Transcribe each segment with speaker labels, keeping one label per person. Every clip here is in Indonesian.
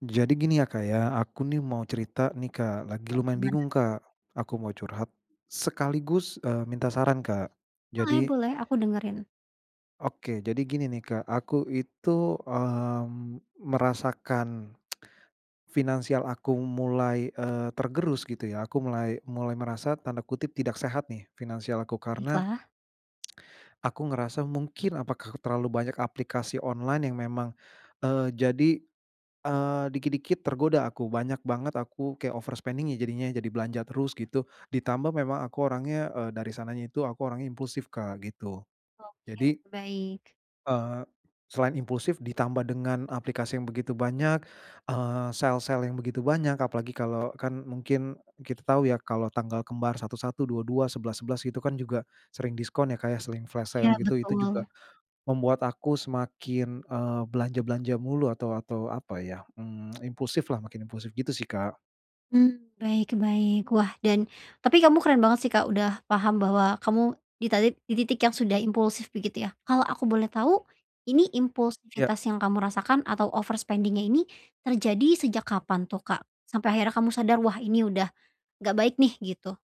Speaker 1: Jadi gini ya Kak ya, aku nih mau cerita nih Kak, lagi
Speaker 2: Oh
Speaker 1: lumayan
Speaker 2: gimana?
Speaker 1: bingung Kak. Aku mau curhat, sekaligus, eee, minta saran Kak. Jadi
Speaker 2: Boleh-boleh, aku dengerin.
Speaker 1: Oke. Jadi gini nih Kak, aku itu, mmm, merasakan, finansial aku mulai, eee, tergerus gitu ya. Aku mulai mulai merasa tanda kutip "tidak sehat" nih finansial aku, karena
Speaker 2: Baiklah.
Speaker 1: aku ngerasa mungkin apakah terlalu banyak aplikasi online yang memang, eee, jadi, eee, dikit-dikit tergoda aku. Banyak banget aku kayak overspending-nya jadinya jadi belanja terus gitu. Ditambah memang aku orangnya, eee, dari sananya itu aku orangnya impulsif Kak, gitu.
Speaker 2: Oke,
Speaker 1: Jadi
Speaker 2: baik.
Speaker 1: Eee, selain impulsif ditambah dengan aplikasi yang begitu banyak, eee, sale-sale, yang begitu banyak. Apalagi kalau kan mungkin kita tahu ya, kalau tanggal kembar 1-1, 2-2, 11-11 gitu kan juga, sering diskon ya Kak ya, sering flash
Speaker 2: Iya
Speaker 1: sale gitu. Itu juga
Speaker 2: betul.
Speaker 1: membuat aku semakin, eee, belanja-belanja mulu, atau atau, apa, mmm, ya impulsif lah, makin impulsif, gitu sih Kak.
Speaker 2: Mmm, baik baik. Wah, dan tapi kamu keren banget sih, Kak, udah paham bahwa kamu di tatik di titik yang sudah impulsif begitu ya. Kalau aku boleh tahu ini
Speaker 1: Iya.
Speaker 2: impulsivitas yang kamu rasakan atau overspending-nya ini terjadi sejak kapan tuh, Kak? Sampai akhirnya kamu sadar, "Wah, ini udah nggak baik nih," gitu.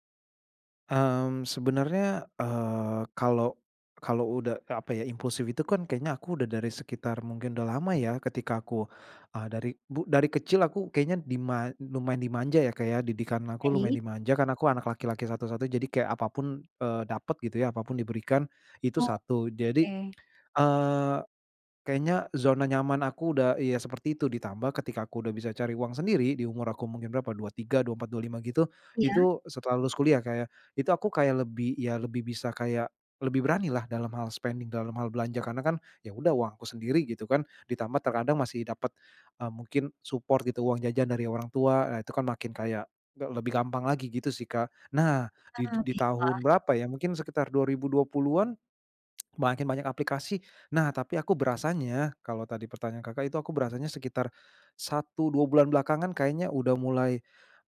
Speaker 1: Mmm, sebenernya, eee, kalau kalau udah, eee, apa ya, impulsif itu kan kayaknya aku udah dari sekitar mungkin udah lama ya ketika aku, eee, dari bu dari kecil aku kayaknya dima lumayan dimanja ya, Kak, ya, didikan aku lumayan
Speaker 2: Baik.
Speaker 1: dimanja, kan aku anak laki-laki satu-satu, jadi kayak apa pun, eee, dapat gitu ya, apa pun diberikan, itu satu. Jadi,
Speaker 2: Oke.
Speaker 1: eee, kayaknya zona nyaman aku udah iya, seperti itu ditambah ketika aku udah bisa cari uang sendiri di umur aku mungkin berapa 23, 24, 25 gitu,
Speaker 2: Iya.
Speaker 1: itu setelah lulus kuliah, Kak, ya, itu aku kayak lebih iya, lebih bisa kayak lebih beranilah dalam hal spending, dalam hal belanja karena kan, "Ya udah uang aku sendiri," gitu kan. Ditambah terkadang masih dapet, eee, mungkin support gitu uang jajan dari orang tua. Nah, itu kan makin kayak, de lebih gampang lagi gitu sih, Kak. Nah di
Speaker 2: Heeh,
Speaker 1: di tahun
Speaker 2: baiklah.
Speaker 1: berapa ya mungkin sekitar 2020-an, makin banyak aplikasi. Nah, tapi aku berasanya kalau tadi pertanyaan Kakak itu aku berasanya sekitar 1, 2 bulan belakangan kayaknya udah mulai,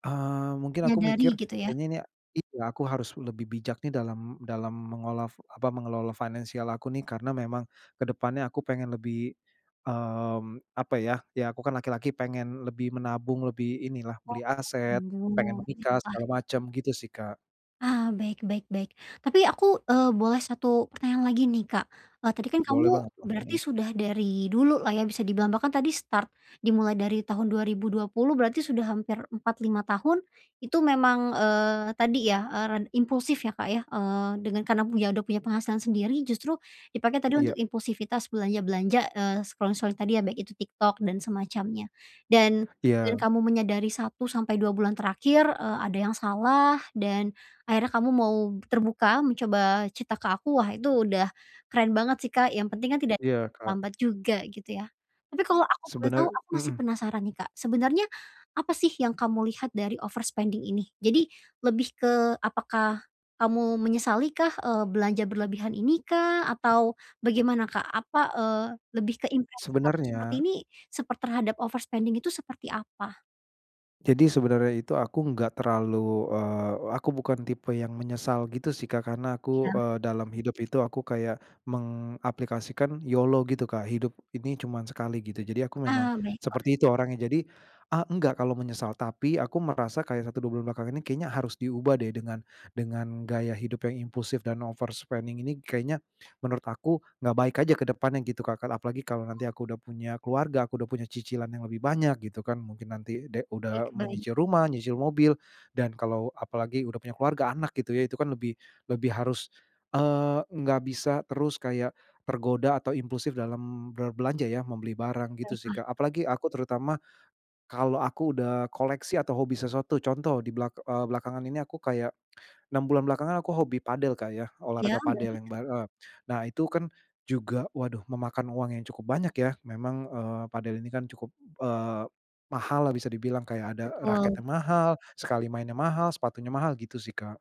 Speaker 1: eee, mungkin aku
Speaker 2: Menyadari
Speaker 1: mikir,
Speaker 2: gitu ya?
Speaker 1: "Kayaknya ini iya aku harus lebih bijak nih dalam dalam mengola fu apa, mengelola finansial aku nih." Karena memang ke depannya aku pengen lebih, mmm, apa ya, ya aku kan laki-laki pengen lebih menabung, lebih inilah
Speaker 2: Oh,
Speaker 1: beli aset, pengen
Speaker 2: anjung.
Speaker 1: nikah
Speaker 2: Baiklah.
Speaker 1: segala macem, gitu sih, Kak.
Speaker 2: Ah, baik baik baik. Tapi aku eee, boleh 1 pertanyaan lagi nih, Kak, eee, tadi kan kamu
Speaker 1: Boleh banget lah,
Speaker 2: berarti
Speaker 1: mhm.
Speaker 2: sudah dari dulu lah ya bisa dibilang, bahkan tadi start dimulai dari tahun 2020 berarti sudah hampir 4, 5, tahun. Itu memang, eee, tadi ya, eee, ren impulsif ya, Kak, ya, eee, dengan karena punya udah punya penghasilan sendiri justru dipakai untuk
Speaker 1: Iya.
Speaker 2: impulsivitas belanja-belanja, eee, scroll-scrolling tadi ya, baik itu TikTok dan semacamnya. Dan dengan
Speaker 1: Iya.
Speaker 2: kamu menyadari 1 sampai 2 bulan terakhir, eee, ada yang salah dan akhirnya kamu mau terbuka mencoba cerita ke aku, wah, itu udah keren banget sih Kak, yang penting kan tidak
Speaker 1: Iya, Kak.
Speaker 2: lambat juga, gitu ya. Tapi, kalau aku boleh tahu,
Speaker 1: Sebener
Speaker 2: aku masih
Speaker 1: mmm.
Speaker 2: penasaran nih, Kak. Sebenernya apa sih yang kamu lihat, dari overspending ini. Jadi lebih ke apakah kamu menyesali kah, eee, belanja berlebihan ini kah? Atau bagaimana, Kak? Apa, eee, lebih ke impresi kamu seperti
Speaker 1: Sebenarnya
Speaker 2: ini seper terhadap overspending itu seperti apa?
Speaker 1: Jadi, sebenernya itu aku enggak terlalu, eee, aku bukan tipe yang menyesal, gitu sih, Kak. Karena aku,
Speaker 2: Iya.
Speaker 1: eee, dalam hidup itu aku kayak mengaplikasikan YOLO gitu, Kak, hidup ini cuman sekali, gitu. Jadi, aku memang
Speaker 2: Ah, baiklah.
Speaker 1: seperti itu orangnya. Jadi a enggak kalau menyesal. Tapi, aku merasa kayak 1, 2, bulan belakang ini kayaknya harus diubah deh dengan dengan gaya hidup yang impulsif dan overspending ini kayaknya menurut aku enggak baik aja ke depannya, gitu, Kak. Apalagi, kalau nanti aku udah punya keluarga, aku udah punya cicilan yang lebih banyak, gitu kan. Mungkin nanti de
Speaker 2: Baik
Speaker 1: udah
Speaker 2: baik.
Speaker 1: menyicil rumah, nyicil mobil dan kalau apalagi udah punya keluarga, anak, gitu ya, itu kan lebih lebih harus, eee, enggak bisa terus kayak tergoda atau impulsif dalam berbelanja ya, membeli
Speaker 2: Ah,
Speaker 1: barang, gitu sih,
Speaker 2: baiklah.
Speaker 1: Kak. Apalagi, aku terutama kalau aku udah koleksi atau hobi sesuatu contoh di belak eee, belakangan ini aku kayak, 6 bulan belakangan aku hobi padel, Kak, ya,
Speaker 2: Ya,
Speaker 1: olahraga padel
Speaker 2: baik.
Speaker 1: yang bar eee. Nah, itu kan juga, waduh, memakan uang yang cukup banyak, ya. Memang, eee, padel ini kan cukup, eee, mahal lah bisa dibilang, kayak ada
Speaker 2: Betul.
Speaker 1: raketnya mahal, sekali mainnya mahal, sepatunya mahal, gitu sih, Kak.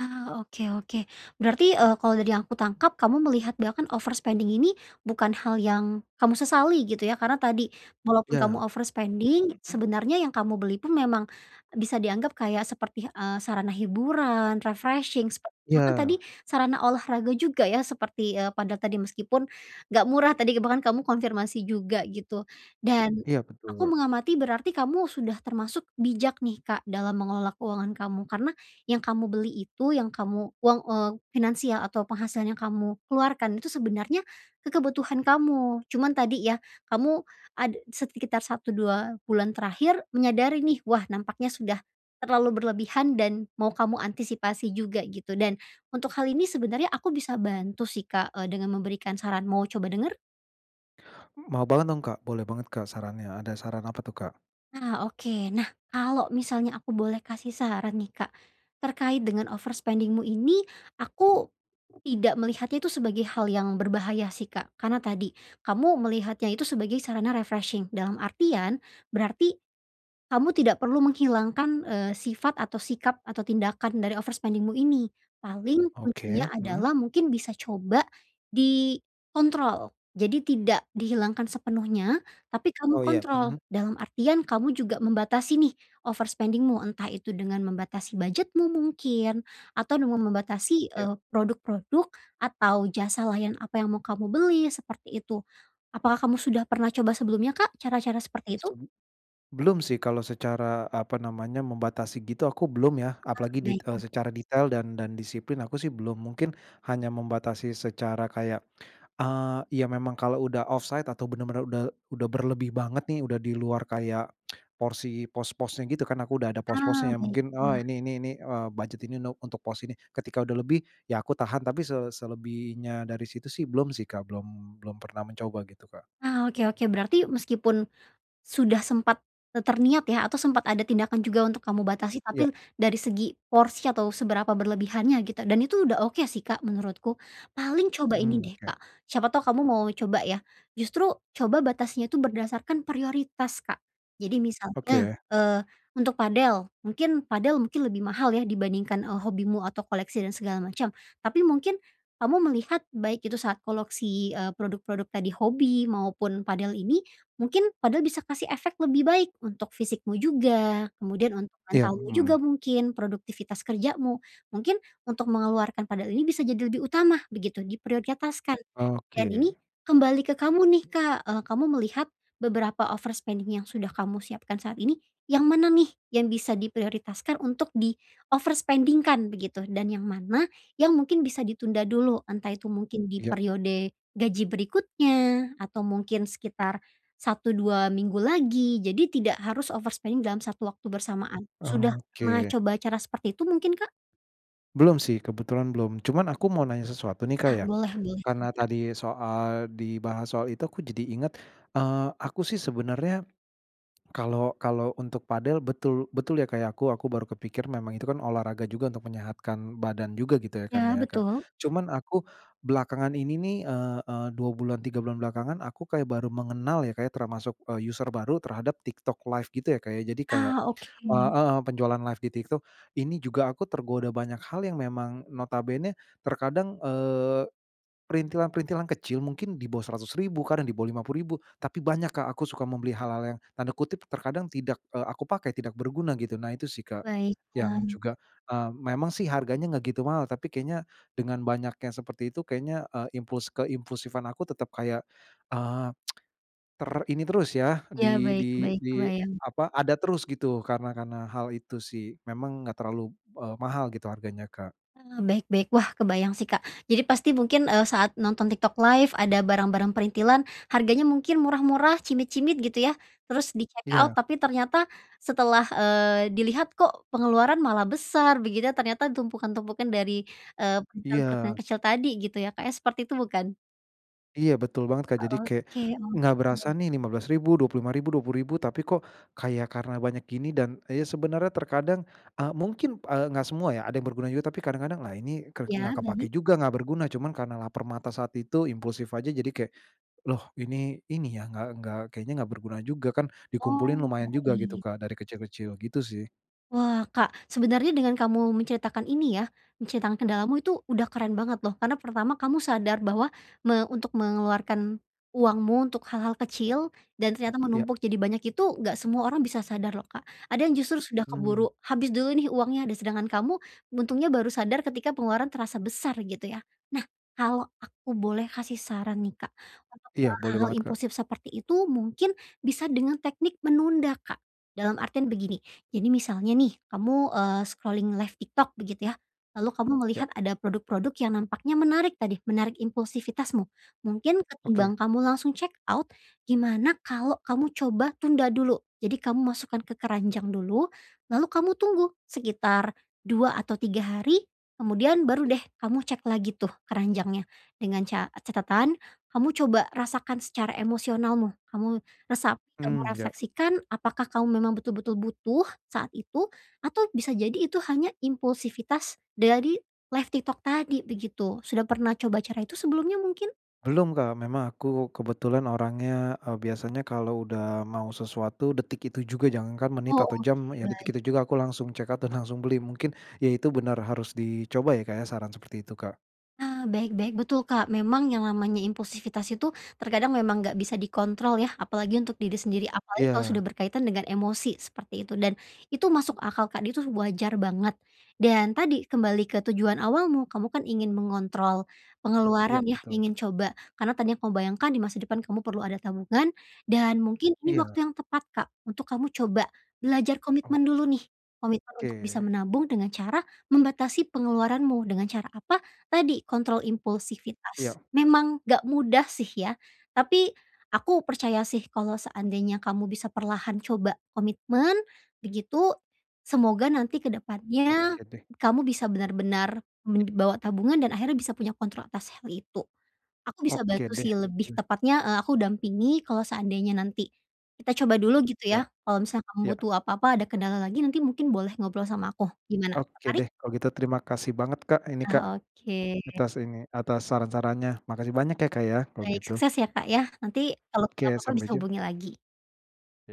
Speaker 2: Ah, oke, oke. Berarti, eee, kalau dari yang aku tangkap kamu melihat bahkan overspending ini bukan hal yang kamu sesali gitu, ya. Karena tadi, walaupun kamu
Speaker 1: Ya.
Speaker 2: overspending, sebenernya yang kamu beli pun memang bisa dianggap kayak seperti, eee, sarana hiburan, refreshing, sepe bahkan tadi
Speaker 1: Ya.
Speaker 2: sarana olahraga juga ya, seperti, eee, padel tadi meskipun enggak murah tadi, bahkan kamu konfirmasi juga, gitu. Dan
Speaker 1: Iya,
Speaker 2: aku
Speaker 1: betul.
Speaker 2: mengamati berarti kamu sudah termasuk bijak nih, Kak, dalam mengelola keuangan kamu, karena yang kamu beli itu, yang kamu uang eee, finansial atau penghasilan yang kamu keluarkan itu sebenarnya, kebutuhan kamu. Cuman tadi ya, kamu ada sekitar 1, 2, bulan terakhir menyadari nih, "Wah, nampaknya sudah terlalu berlebihan dan mau kamu antisipasi juga", gitu. Dan untuk hal ini sebenarnya aku bisa bantu sih, Kak, eee, dengan memberikan saran, mau coba denger?
Speaker 1: M mau banget dong, Kak. Boleh banget, Kak, sarannya. Ada saran apa tuh, Kak?
Speaker 2: Nah. Oke. Nah, kalau misalnya aku boleh kasih saran nih, Kak, terkait dengan overspending-mu ini, aku tidak melihatnya itu sebagai hal yang berbahaya sih, Kak. Karena tadi, kamu melihatnya itu sebagai sarana refreshing dalam artian berarti kamu tidak perlu menghilangkan, eee, sifat atau sikap atau tindakan dari overspending-mu ini. Paling,
Speaker 1: Oke,
Speaker 2: kuncinya
Speaker 1: mhm.
Speaker 2: adalah mungkin bisa coba dikontrol. Jadi tidak dihilangkan sepenuhnya, tapi kamu
Speaker 1: Oh, iya,
Speaker 2: kontrol.
Speaker 1: mhm.
Speaker 2: Dalam artian, kamu juga membatasi nih overspending-mu. Entah itu dengan membatasi budget-mu mungkin atau dengan membatasi,
Speaker 1: Ya.
Speaker 2: eee, produk-produk atau jasa layan apa yang mau kamu beli, seperti itu. Apakah kamu sudah pernah coba sebelumnya, Kak, cara-cara seperti itu?
Speaker 1: Sum belum sih kalau secara, apa namanya, membatasi gitu, aku belum, ya.
Speaker 2: Ah,
Speaker 1: Apalagi dit
Speaker 2: baiklah.
Speaker 1: secara detail dan dan disiplin, aku sih belum. Mungkin, hanya membatasi secara kayak, eee, ya memang kalau udah offside atau bener-bener udah udah berlebih banget nih, udah di luar kayak porsi pos-posnya gitu, kan aku udah ada
Speaker 2: Ah,
Speaker 1: pos-posnya, mungkin oh,
Speaker 2: baiklah.
Speaker 1: ini ini ini eee, budget ini no untuk pos ini. Ketika udah lebih, ya aku tahan. Tapi se selebihnya dari situ sih belum sih, Kak, belum belum pernah mencoba gitu, Kak.
Speaker 2: Ah, oke, oke. Berarti meskipun sudah sempat terniat ya, atau sempet ada tindakan juga untuk kamu batasi,
Speaker 1: Ya.
Speaker 2: tapi dari segi porsi atau seberapa berlebihannya, gitu. Dan itu udah oke sih, Kak, menurutku. Paling coba ini
Speaker 1: Mhm,
Speaker 2: deh,
Speaker 1: oke.
Speaker 2: Kak, siapa tahu kamu mau coba, ya. Justru, coba batasnya itu berdasarkan prioritas, Kak. Jadi misalnya,
Speaker 1: Oke.
Speaker 2: eee, untuk padel, mungkin padel mungkin lebih mahal, ya, dibandingkan, eee, hobimu atau koleksi dan segala macam, tapi mungkin kamu melihat baik itu saat koleksi, eee, produk-produk tadi hobi maupun padel ini, mungkin, padel bisa kasih efek lebih baik untuk fisikmu juga. Kemudian, untuk
Speaker 1: Iya,
Speaker 2: mentalmu juga
Speaker 1: mhm.
Speaker 2: mungkin, produktivitas kerjamu, mungkin untuk mengeluarkan padel ini bisa jadi lebih utama begitu diprioritaskan dan
Speaker 1: Oke.
Speaker 2: ini kembali ke kamu nih, Kak. Eee, kamu melihat beberapa overspending yang sudah kamu siapkan saat ini, yang mana nih yang bisa diprioritaskan untuk di overspending-kan begitu, dan yang mana, yang mungkin bisa ditunda dulu. Entah itu mungkin di
Speaker 1: Iya.
Speaker 2: periode gaji berikutnya atau mungkin sekitar 1, 2, minggu lagi. Jadi, tidak harus overspending dalam satu waktu bersamaan. Sudah pernah
Speaker 1: Oke.
Speaker 2: coba cara seperti itu mungkin, Kak?
Speaker 1: Belum sih, kebetulan belum. Cuman, aku mau nanya sesuatu nih Kak,
Speaker 2: Ah,
Speaker 1: ya,
Speaker 2: boleh boleh,
Speaker 1: karena
Speaker 2: silahkan.
Speaker 1: tadi soal dibahas soal itu aku jadi inget, eee, aku sih sebenernya, kalo kalo untuk padel betul betul ya kayak aku aku baru kepikir memang itu kan olahraga juga untuk menyehatkan badan juga gitu ya kan
Speaker 2: Ya
Speaker 1: ya, Kak.
Speaker 2: betul.
Speaker 1: Cuman, aku belakangan ini nih, eee eee, 2 bulan 3 bulan belakangan, aku kayak baru mengenal ya Kak, ya, termasuk user baru terhadap TikTok LIVE gitu ya Kak, ya. Jadi, kayak
Speaker 2: Ah,
Speaker 1: eee
Speaker 2: oke.
Speaker 1: heeh penjualan live di TikTok. Ini juga aku tergoda banyak hal, yang memang notabene-nya terkadang, eee, perintilan-perintilan kecil, mungkin di bawah Rp100.000, kadang di bawah Rp50.000, tapi banyak Kak. Aku suka membeli hal-hal yang "terkadang tidak, eee, aku pakai tidak berguna" gitu, nah itu sih Kak, yang
Speaker 2: Baiklah.
Speaker 1: juga, eee, memang sih harganya enggak gitu mahal, tapi kayaknya dengan banyak yang seperti itu, kayaknya, eee, impuls keimpulsifan aku tetep kayak, eee, ter ini terus yah,
Speaker 2: Ya
Speaker 1: di di
Speaker 2: baik-baik,
Speaker 1: di
Speaker 2: kebayang.
Speaker 1: apa, ada terus, gitu. Karena karena hal itu sih. Memang enggak terlalu, eee, mahal gitu harganya, Kak.
Speaker 2: Eee, baik-baik. Wah, kebayang sih Kak. Jadi, pasti mungkin, eee, saat nonton TikTok LIVE ada barang-barang perintilan harganya mungkin murah-murah, cimit-cimit gitu yah, terus di checkout.
Speaker 1: Iya.
Speaker 2: Tapi, ternyata setelah, eee, dilihat "kok pengeluaran malah besar", begitu ternyata tumpukan-tumpukan dari, eee, perintilan-perintilan
Speaker 1: Iya.
Speaker 2: kecil tadi gitu ya, Kak, ya. Seperti itu, bukan?
Speaker 1: Iya betul banget, Kak. Jadi kayak
Speaker 2: Oke
Speaker 1: nggak berasa
Speaker 2: oke.
Speaker 1: nih Rp15.000, Rp25.000, Rp20.000. Tapi kok kayak karena banyak gini dan ya sebenarnya terkadang, eee, mungkin, eee, enggak semua ya, ada yang berguna juga. Tapi kadang-kadang, "Lah ini ke nggak
Speaker 2: Ya,
Speaker 1: kepake
Speaker 2: berani?
Speaker 1: juga enggak berguna." Cuman karena laper mata saat itu impulsif aja. Jadi kayak, "Loh ini ini ya nggak nggak kayaknya enggak berguna juga," kan dikumpulin
Speaker 2: Oh,
Speaker 1: lumayan juga gitu,
Speaker 2: baik.
Speaker 1: Kak, dari kecil-kecil gitu sih.
Speaker 2: Wah, Kak, sebenernya dengan kamu menceritakan ini ya menceritakan kendalamu itu udah keren banget loh. Karena pertama kamu sadar bahwa me untuk mengeluarkan uangmu untuk hal-hal kecil dan ternyata
Speaker 1: Iya.
Speaker 2: menumpuk jadi banyak itu nggak semua orang bisa sadar loh, Kak. Ada yang justru sudah
Speaker 1: Mmm.
Speaker 2: keburu habis dulu nih uangnya, de sedangkan kamu untungnya baru sadar ketika pengeluaran terasa besar gitu ya. Nah, kalau aku boleh kasih saran nih, Kak, untuk ke
Speaker 1: Iya boleh
Speaker 2: hal-hal
Speaker 1: banget, Kak.
Speaker 2: impulsif seperti itu mungkin bisa dengan teknik menunda, Kak. Dalam artian begini, jadi misalnya nih kamu, eee, scrolling live TikTok begitu ya. Lalu kamu
Speaker 1: Ya.
Speaker 2: melihat ada produk-produk yang nampaknya menarik tadi, menarik impulsivitasmu. Mungkin
Speaker 1: Oke.
Speaker 2: ketimbang kamu langsung check out gimana kalau kamu coba tunda dulu. Jadi kamu masukkan ke keranjang dulu, lalu kamu tunggu sekitar 2 atau 3 hari. Kemudian baru deh kamu cek lagi tuh keranjangnya dengan ca catatan kamu coba rasakan secara emosionalmu. Kamu resap kamu
Speaker 1: Mmm, ya.
Speaker 2: refleksikan apakah kamu memang betul-betul butuh saat itu? Atau bisa jadi itu hanya impulsivitas dari live TikTok tadi begitu. Sudah pernah coba cara itu sebelumnya mungkin?
Speaker 1: Belum Kak, memang aku kebetulan orangnya, eee, biasanya kalau udah mau sesuatu, detik itu juga, jangankan menit
Speaker 2: Oh
Speaker 1: atau
Speaker 2: oke,
Speaker 1: jam, ya detik
Speaker 2: baik.
Speaker 1: itu juga aku langsung checkout dan langsung beli. Mungkin, ya itu benar harus dicoba ya Kak ya, saran seperti itu Kak?
Speaker 2: Nah, baik baik. Betul Kak memang yang namanya impulsivitas itu, terkadang memang enggak bisa dikontrol ya, apalagi untuk diri sendiri. Apalagi kalau
Speaker 1: Iya.
Speaker 2: sudah berkaitan dengan emosi, seperti itu. Dan, itu masuk akal Kak, dia tuh wajar banget. Dan tadi, kembali ke tujuan awalmu, kamu kan ingin mengontrol
Speaker 1: Iya
Speaker 2: pengeluaran ya,
Speaker 1: betul.
Speaker 2: ingin coba, karena tadi yang kamu bayangkan di masa depan kamu perlu ada tabungan, dan mungkin ini
Speaker 1: Iya.
Speaker 2: waktu yang tepat Kak, untuk kamu coba, belajar
Speaker 1: Ok
Speaker 2: komitmen dulu nih. Komitmen untuk bisa
Speaker 1: Ke.
Speaker 2: menabung dengan cara, membatasi pengeluaranmu, dengan cara apa, tadi, kontrol
Speaker 1: Iya.
Speaker 2: impulsivitas. Memang, enggak mudah sih ya. Tapi, aku percaya sih, kalau seandainya kamu bisa perlahan coba komitmen, begitu, semoga nanti ke depannya,
Speaker 1: Oke deh.
Speaker 2: kamu bisa benar-benar
Speaker 1: Ya.
Speaker 2: me bawa tabungan, dan akhirnya bisa punya kontrol atas hal itu. Aku bisa
Speaker 1: Oke
Speaker 2: bantu
Speaker 1: deh.
Speaker 2: sih lebih
Speaker 1: Iya.
Speaker 2: tepatnya, eee, aku dampingi, kalau seandainya nanti kita coba dulu gitu
Speaker 1: Iya.
Speaker 2: ya. Kalau misal kamu
Speaker 1: Iya.
Speaker 2: butuh apa-apa, ada kendala lagi, nanti mungkin boleh ngobrol sama aku. Gimana,
Speaker 1: Oke
Speaker 2: tertarik?
Speaker 1: deh kalau gitu, terima kasih banget Kak ini Kak,
Speaker 2: Nah oke.
Speaker 1: atas ini, atas saran-sarannya. Makasih banyak ya Kak ya, kalau
Speaker 2: Baik,
Speaker 1: gitu.
Speaker 2: sukses ya Kak ya. Nanti, kalau ada
Speaker 1: Oke,
Speaker 2: apa-apa
Speaker 1: sampai
Speaker 2: bisa
Speaker 1: jum
Speaker 2: hubungi lagi.
Speaker 1: Ya.